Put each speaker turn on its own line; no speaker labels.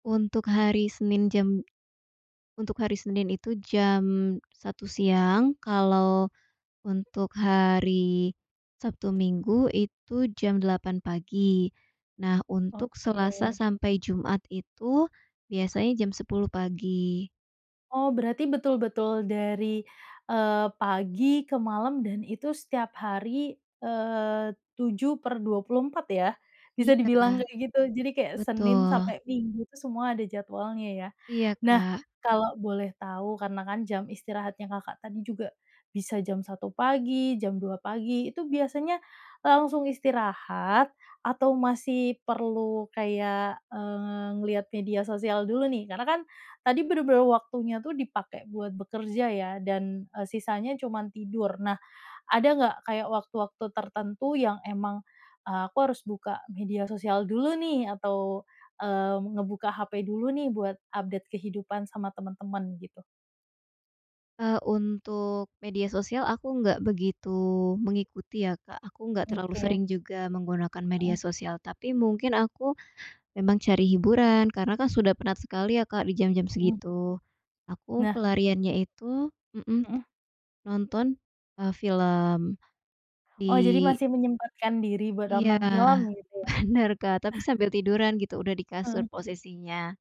Untuk hari Senin jam untuk hari Senin itu jam 1.00 siang, kalau untuk hari Sabtu, Minggu, itu jam 8.00 pagi. Nah, untuk
Oke.
Selasa sampai Jumat itu biasanya jam 10.00 pagi.
Oh, berarti betul-betul dari, eee, pagi ke malam dan itu setiap hari, eee, 7/24, ya, bisa dibilang
Iya,
kayak gitu. Jadi kayak Senin
betul.
sampai Minggu tu semua ada jadwalnya, ya.
Iya,
Nah,
Kak.
kalau boleh tau, karena, kan, jam istirahatnya Kakak tadi juga bisa jam 1.00 pagi, jam 2.00 pagi, itu biasanya, e langsung istirahat atau masih perlu kayak, eee, ngelihat media sosial dulu, nih? Karena, kan, tadi benar-benar waktunya, tuh, dipakai buat bekerja, ya, dan, eee, sisanya cuman tidur. Nah, ada nggak kayak waktu-waktu tertentu yang emang, eee, "Aku harus buka media sosial dulu, nih, atau, eee, ngebuka HP dulu, nih, buat update kehidupan sama teman-teman." Gitu?
Eee, untuk media sosial aku nggak begitu mengikuti, ya, Kak. Aku nggak terlalu
Oke.
sering juga menggunakan media
Mhm.
sosial, tapi mungkin aku memang cari hiburan karena, kan, sudah penat sekali, ya, Kak, di jam-jam
Mmm.
segitu. Aku
Nah.
pelariannya itu mhm,
Mhm.
nonton, eee, film di
Oh, jadi masih menyempatkan diri buat
Iya,
nonton film, gitu, ya.
benar, Kak, tapi sambil tiduran gitu, udah di kasur
Heeh.
posisinya.